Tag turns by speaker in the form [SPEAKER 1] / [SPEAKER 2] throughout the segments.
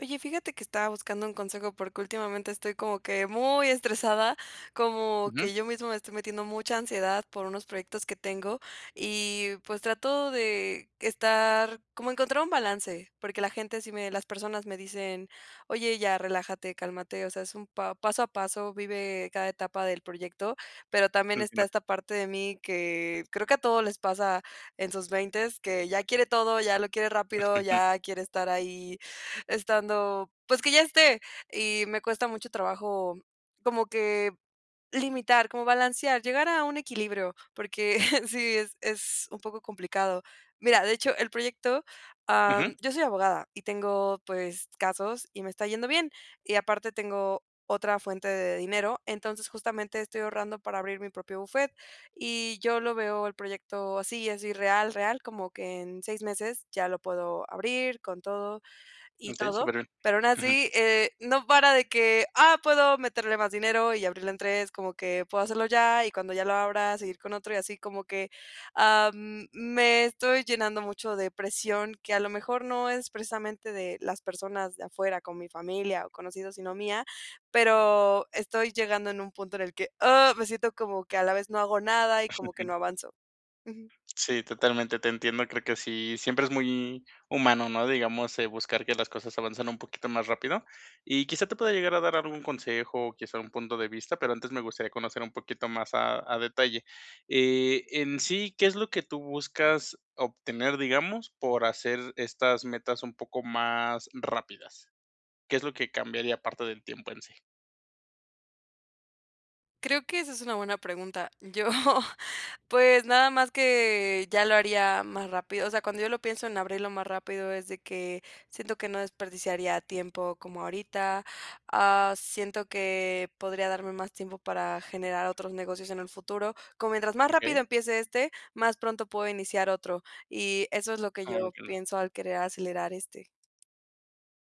[SPEAKER 1] Oye, fíjate que estaba buscando un consejo, porque últimamente estoy como que muy estresada, como
[SPEAKER 2] Ujú.
[SPEAKER 1] que yo misma me estoy metiendo mucha ansiedad, por unos proyectos que tengo y, pues, trato de, estar, como encontrar un balance, porque la gente sí me las personas me dicen: "Oye, ya, relájate, cálmate, o sea, es un pa paso a paso, vive cada etapa del proyecto", pero también esta
[SPEAKER 2] [unintelligible]
[SPEAKER 1] esta parte de mí, que creo que a todos les pasa en sus veintes, que ya quiere todo, ya lo quiere rápido, ya quiere estar ahí estando, pues, que ya esté, y me cuesta mucho trabajo como que, limitar, como balancear, llegar a un equilibrio, porque sí, es es un poco complicado, mira, de hecho, el proyecto,
[SPEAKER 2] Ajá.
[SPEAKER 1] am, yo soy abogada y tengo, pues, casos y me está yendo bien, y aparte tengo otra fuente de dinero, entonces, justamente estoy ahorrando para abrir mi propio buffet, y yo lo veo el proyecto así, es irreal, real, como que en 6 meses ya lo puedo abrir con todo y
[SPEAKER 2] Okey,
[SPEAKER 1] todo,
[SPEAKER 2] súper bien,
[SPEAKER 1] pero aún
[SPEAKER 2] ajá.
[SPEAKER 1] así, eh, no para de que, ah, puedo meterle más dinero y abrirlo en 3 como que puedo hacerlo ya, y cuando ya lo abra, seguir con otro, y así como que, am, me estoy llenando mucho de presión, que a lo mejor no es precisamente de las personas de afuera, como mi familia o conocidos, sino mía, pero, estoy llegando en un punto en el que, ¡ah!, me siento como que a la vez no hago nada y como que
[SPEAKER 2] Ujú.
[SPEAKER 1] no avanzo, ujú.
[SPEAKER 2] Sí, totalmente te entiendo, creo que sí, siempre es muy humano, ¿no?, digamos, eh, buscar que las cosas avancen un poquito más rápido, y quizá te pueda llegar a dar algún consejo o quizá un punto de vista, pero antes me gustaría conocer un poquito más a a detalle, eh, en sí, ¿qué es lo que tú buscas obtener, digamos, por hacer estas metas un poco más rápidas? ¿Qué es lo que cambiaría parte del tiempo, en sí?
[SPEAKER 1] Creo que esa es una buena pregunta. Yo, pues, nada más que ya lo haría más rápido, o sea, cuando yo lo pienso en abrirlo más rápido, es de que siento que no desperdiciaría tiempo como ahorita, ah, siento que podría darme más tiempo para generar otros negocios en el futuro, como mientras más rápido
[SPEAKER 2] Okey.
[SPEAKER 1] empiece este, más pronto puedo iniciar otro, y eso es lo que
[SPEAKER 2] Oh,
[SPEAKER 1] yo
[SPEAKER 2] entiendo.
[SPEAKER 1] pienso al querer acelerar este.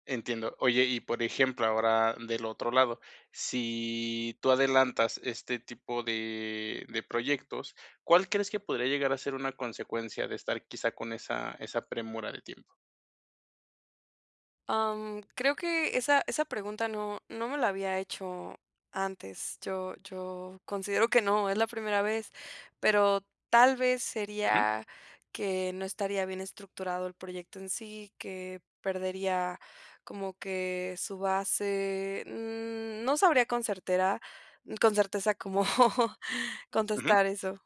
[SPEAKER 2] Entiendo. Oye y por ejemplo ahora del otro lado, si tú adelantas este tipo de de proyectos, ¿cuál crees que podría llegar a ser una consecuencia de estar quizá con esa esa premura de tiempo?
[SPEAKER 1] Am, creo que esa esa pregunta no no me la había hecho antes. Yo yo considero que no, es la primera vez, pero tal vez,
[SPEAKER 2] Ujú.
[SPEAKER 1] sería que no estaría bien estructurado el proyecto en sí, que perdería como que su base, mm, no sabría con certera con certeza cómo
[SPEAKER 2] Ujú.
[SPEAKER 1] contestar eso.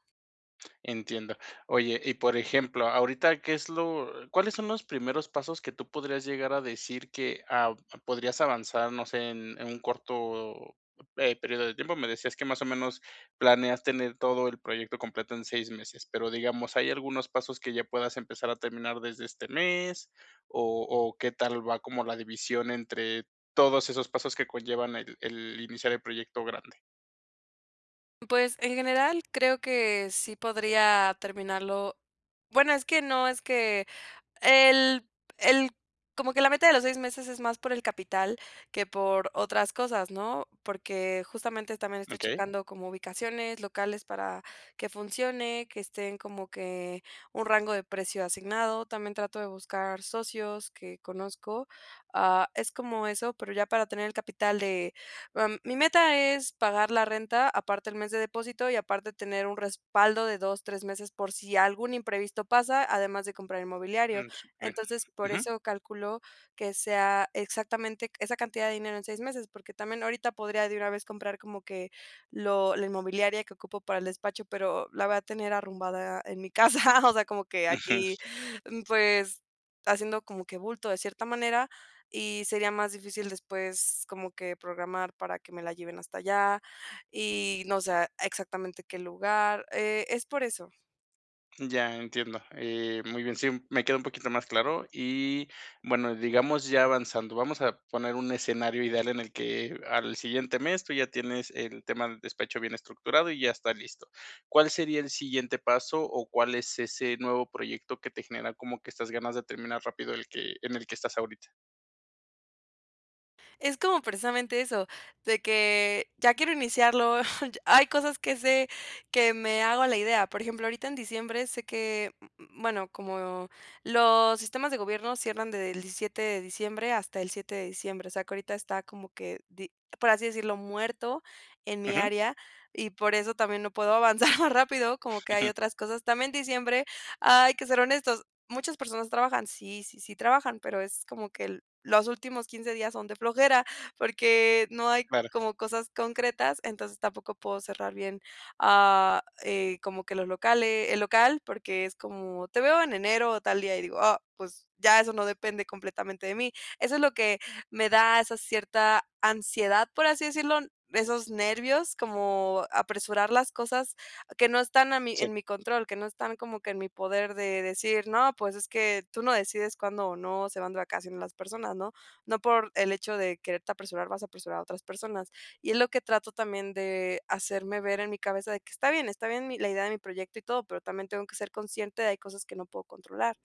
[SPEAKER 2] Entiendo. Oye, y por ejemplo, ahorita, ¿qué es lo cuáles son los primeros pasos que tú podrías llegar a decir que, ah, podrías avanzar, no sé, en en un corto, eh, periodo de tiempo?, me decías que más o menos planeas tener todo el proyecto completo en 6 meses, pero, digamos, ¿hay algunos pasos que ya puedas empezar a terminar desde este mes o o, ¿qué tal va como la división entre todos esos pasos que conllevan el el iniciar el proyecto grande?
[SPEAKER 1] Pues, en general, creo que sí podría terminarlo. Bueno, es que no, es que el el como que la meta de los 6 meses, es más por el capital que por otras cosas, ¿no?, porque justamente también estoy
[SPEAKER 2] Okey.
[SPEAKER 1] checando como ubicaciones locales para que funcione, que estén como que un rango de precio asignado. También trato de buscar socios que conozco. Ah, es como eso, pero ya para tener el capital de, am, mi meta es pagar la renta, aparte el mes de depósito, y aparte tener un respaldo de 2, 3 meses, por si algún imprevisto pasa, además de comprar inmobiliario.
[SPEAKER 2] Mm, superbién,
[SPEAKER 1] Entonces, por
[SPEAKER 2] ujú.
[SPEAKER 1] eso calculo que sea exactamente esa cantidad de dinero en 6 meses, porque también ahorita podría de una vez comprar como que lo la inmobiliaria que ocupo para el despacho, pero la voy a tener arrumbada en mi casa. O sea, como que aquí,
[SPEAKER 2] Ujú.
[SPEAKER 1] pues, haciendo como que bulto de cierta manera y sería más difícil después como que programar para que me la lleven hasta allá y, no sé, exactamente qué lugar. Eh, es por eso.
[SPEAKER 2] Ya, entiendo, eh, muy bien. Sí, me queda un poquito más claro. Y, bueno, digamos ya avanzando, vamos a poner un escenario ideal en el que al siguiente mes, tú ya tienes el tema del despacho bien estructurado y ya está listo, ¿cuál sería el siguiente paso, o cuál es ese nuevo proyecto que te genera como que estas ganas de terminar rápido el que en el que estás ahorita?
[SPEAKER 1] Es como precisamente eso, de que ya quiero iniciarlo. Hay cosas que sé que me hago la idea. Por ejemplo, ahorita en diciembre sé que, mm mm, bueno, como los sistemas de gobierno cierran desde el 17 de diciembre hasta el 7 de diciembre. O sea, que ahorita está como que di por así decirlo, muerto, en mi
[SPEAKER 2] Ujú.
[SPEAKER 1] área, y por eso también no puedo avanzar más rápido, como que hay
[SPEAKER 2] Ujú.
[SPEAKER 1] otras cosas también diciembre, hay que ser honestos, muchas personas trabajan. Sí, sí, sí trabajan, pero es como que el los últimos 15 días son de flojera, porque no hay
[SPEAKER 2] Vale.
[SPEAKER 1] como cosas concretas. Entonces, tampoco puedo cerrar bien, ah, eh, como que los locale el local, porque es como: "Te veo en enero o tal día". Y digo, ah, pues, ya eso no depende completamente de mí. Eso es lo que me da esa cierta ansiedad, por así decirlo, esos nervios, como apresurar las cosas que no están a mí
[SPEAKER 2] Sí.
[SPEAKER 1] en mi control, que no están como que en mi poder de decir: "No, pues, es que tú no decides cuándo o no se van de vacaciones as personas", ¿no? No por el hecho de quererte a apresurar, vas a apresurar a otras personas. Y es lo que trato también de hacerme ver en mi cabeza de que está bien, está bien mi la idea de mi proyecto y todo, pero también tengo que ser consciente de hay cosas que no puedo controlar.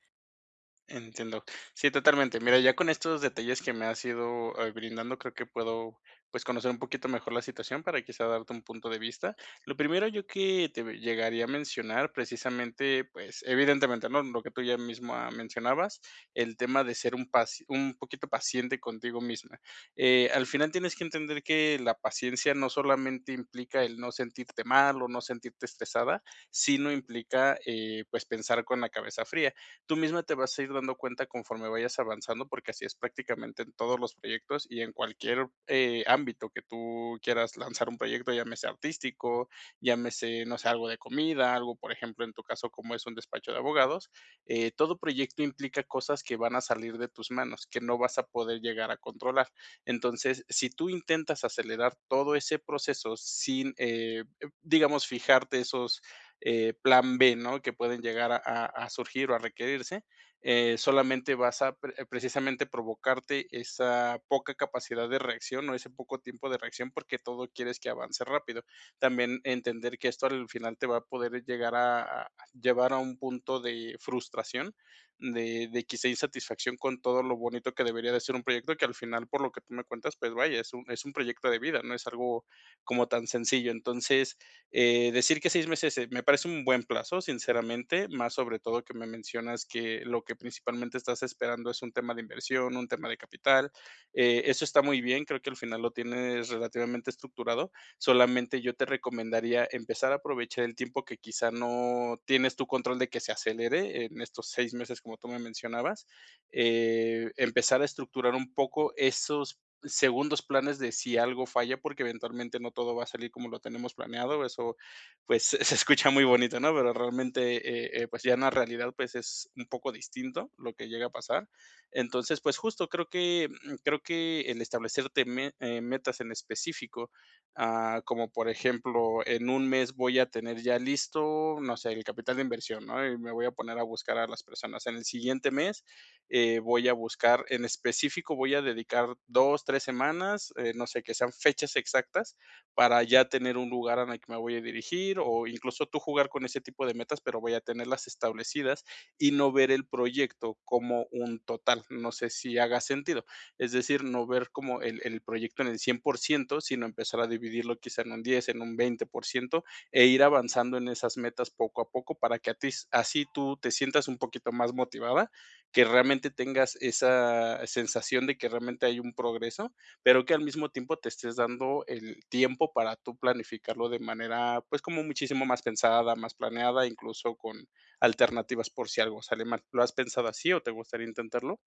[SPEAKER 2] Entiendo. Sí, totalmente. Mira, ya con estos detalles que me has ido, eh, brindando, creo que puedo, pues, conocer un poquito mejor la situación para quizá darte un punto de vista. Lo primero yo que te ve llegaría a mencionar, precisamente, pues, evidentemente, ¿no?, lo que tú ya misma mencionabas, el tema de ser un pas un poquito paciente contigo misma. Eh, al final tienes que entender que la paciencia no solamente implica el no sentirte mal o no sentirte estresada, sino implica, eh, pues, pensar con la cabeza fría. Tú misma te vas a ir dando cuenta conforme vayas avanzando, porque así es prácticamente en todos los proyectos y en cualquier, eh, ámbito que tú quieras lanzar un proyecto, llámese artístico, llámese, no sé, algo de comida, algo, por ejemplo, en tu caso, como es un despacho de abogados. Eh, todo proyecto implica cosas que van a salir de tus manos, que no vas a poder llegar a controlar. Entonces, si tú intentas acelerar todo ese proceso sin, eh eh, digamos, fijarte esos, eh, plan b, ¿no? Que pueden llegar a a surgir o a requerirse, eh, solamente vas a pre precisamente provocarte esa poca capacidad de reacción o ese poco tiempo de reacción, porque todo quieres que avance rápido. También, entender que esto al final te va a poder llegar a a llevar a un punto de frustración, de de quizá insatisfacción con todo lo bonito que debería de ser un proyecto, que al final, por lo que tú me cuentas, pues, vaya, es un es un proyecto de vida, no es algo como tan sencillo. Entonces, eh, decir que 6 meses, eh, me parece un buen plazo, sinceramente, más sobre todo que me mencionas que lo que principalmente estás esperando es un tema de inversión, un tema de capital. Eh, eso está muy bien, creo que al final lo tienes relativamente estructurado. Solamente yo te recomendaría empezar a aprovechar el tiempo que quizá no tienes tu control de que se acelere, en estos 6 meses, como tú me mencionabas. Eh, empezar a estructurar un poco esos segundos planes de si algo falla, porque eventualmente no todo va a salir como lo tenemos planeado, eso, pues, se escucha muy bonito, ¿no? Pero realmente, eh eh, pues, ya en la realidad, pues, es un poco distinto lo que llega a pasar. Entonces, pues, justo creo que, mm, creo que el establecerte me eh, metas en específico, ah, como por ejemplo, en 1 mes, voy a tener ya listo, no sé, el capital de inversión, ¿no? Y me voy a poner a buscar a las personas. En el siguiente mes, eh, voy a buscar en específico voy a dedicar 2 3 semanas, eh, no sé, que sean fechas exactas para ya tener un lugar en el que me voy a dirigir, o incluso tú jugar con ese tipo de metas, pero voy a tenerlas establecidas y no ver el proyecto como un total, no sé, si haga sentido. Es decir, no ver como el el proyecto en el 100% sino empezar a dividirlo quizá en un 10 en un 20% e ir avanzando en esas metas poco a poco para que a ti así tú te sientas un poquito más motivada, que realmente tengas esa sensación de que realmente hay un progreso, pero que al mismo tiempo te estés dando el tiempo para tú planificarlo de manera, pues, como muchísimo más pensada, más planeada, incluso con alternativas por si algo sale mal, ¿lo has pensado así o te gustaría intentarlo?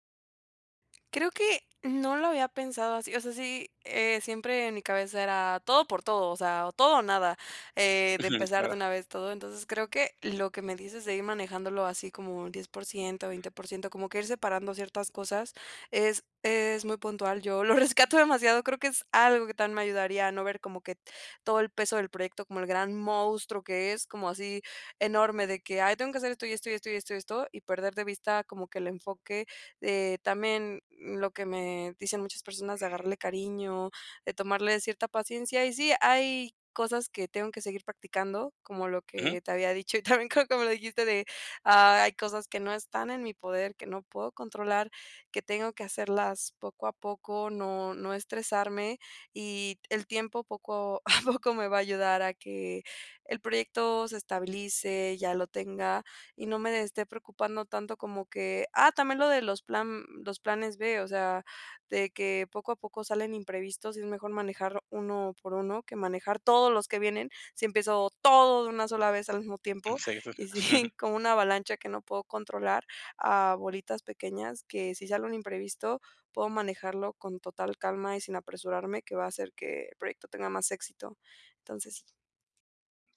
[SPEAKER 1] Creo que no lo había pensado así, o sea, sí, eh, siempre en mi cabeza era todo por todo, o sea, o todo o nada, eh, de
[SPEAKER 2] Ujú.
[SPEAKER 1] empezar de
[SPEAKER 2] Claro.
[SPEAKER 1] una vez todo. Entonces, creo que lo que me dices de ir manejándolo así como un 10% 20% como que ir separando ciertas cosas es es muy puntual. Yo lo rescato demasiado, creo que es algo que también me ayudaría, ¿no?, ver como que todo el peso del proyecto, como el gran monstruo que es, como así enorme de que: "Ay, tengo que hacer esto, y esto, y esto, y esto, y esto, y esto", y perder de vista como que el enfoque, de también lo que me dicen muchas personas de agarrarle cariño, de tomarle cierta paciencia. Y sí, hay cosas que tengo que seguir practicando, como lo
[SPEAKER 2] Ujú.
[SPEAKER 1] que te había dicho y también creo como lo dijiste de: "Hay cosas que no están en mi poder, que no puedo controlar, que tengo que hacerlas poco a poco, no no estresarme", y el tiempo poco, a poco me va a ayudar a que el proyecto se estabilice, ya lo tenga, y no me de esté preocupando tanto como que, ah, también lo de los plan los planes b, o sea, de que, poco a poco salen imprevistos y es mejor manejar uno por uno, que manejar todos los que vienen, si empiezo todo de una sola vez al mismo tiempo,
[SPEAKER 2] [unintelligible]
[SPEAKER 1] y si como una avalancha que no puedo controlar a bolitas pequeñas, que si sale un imprevisto, puedo manejarlo con total calma y sin apresurarme que va a hacer que el proyecto tenga más éxito, entonces, sí.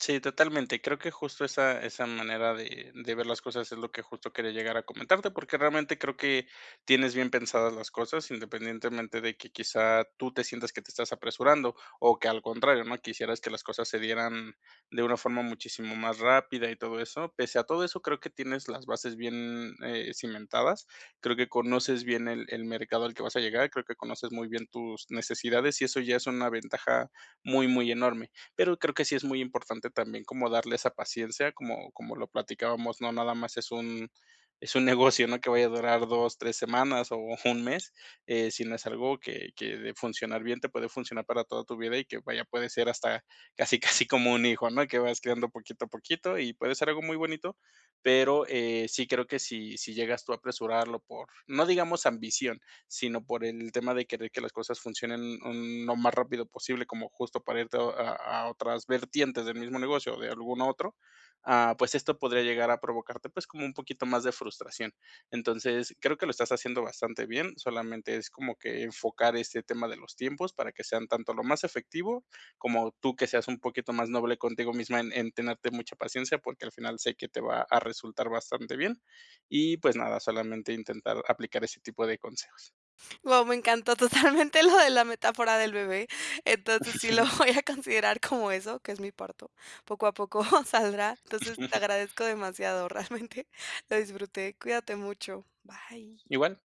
[SPEAKER 2] Sí, totalmente. Creo que justo esa esa manera de de ver las cosas es lo que justo quería llegar a comentarte, porque realmente creo que tienes bien pensadas las cosas, independientemente de que quizá tú te sientas que te estás apresurando o que al contrario, ¿no? Quisieras que las cosas se dieran de una forma muchísimo más rápida y todo eso. Pese a todo eso, creo que tienes las bases bien, eh, cimentadas. Creo que conoces bien el el mercado al que vas a llegar, creo que conoces muy bien tus necesidades, y eso ya es una ventaja muy, muy enorme. Pero creo que sí es muy importante también como darle esa paciencia, como como lo platicábamos, no nada más es un es un negocio, no que vaya a durar 2, 3 semanas o un mes, eh, sino es algo que que de funcionar bien, te puede funcionar para toda tu vida y que, vaya, puede ser hasta casi, casi como un hijo. ¿no? Que vas criando poquito a poquito y puede ser algo muy bonito, pero, eh, sí creo que si si llegas tú a apresurarlo por, no digamos ambición, sino por el tema de querer que las cosas funcionen, mm, lo más rápido posible, como justo para irte a a otras vertientes del mismo negocio o de algún otro, ah, pues esto podría llegar a provocarte, pues, como un poquito más de frustración. Entonces, creo que lo estás haciendo bastante bien, solamente es como que enfocar este tema de los tiempos para que sean tanto lo más efectivo, como tú que seas un poquito más noble contigo misma en en tenerte mucha paciencia, porque al final sé que te va a resultar bastante bien. Y pues nada, solamente intentar aplicar ese tipo de consejos.
[SPEAKER 1] ¡Guau! Me encantó totalmente lo de la metáfora del bebé. Entonces, sí lo voy a considerar como eso, que es mi parto. Poco a poco saldrá. Entonces, te agradezco demasiado realmente. Lo disfruté. Cuídate mucho. Bye.
[SPEAKER 2] Igual.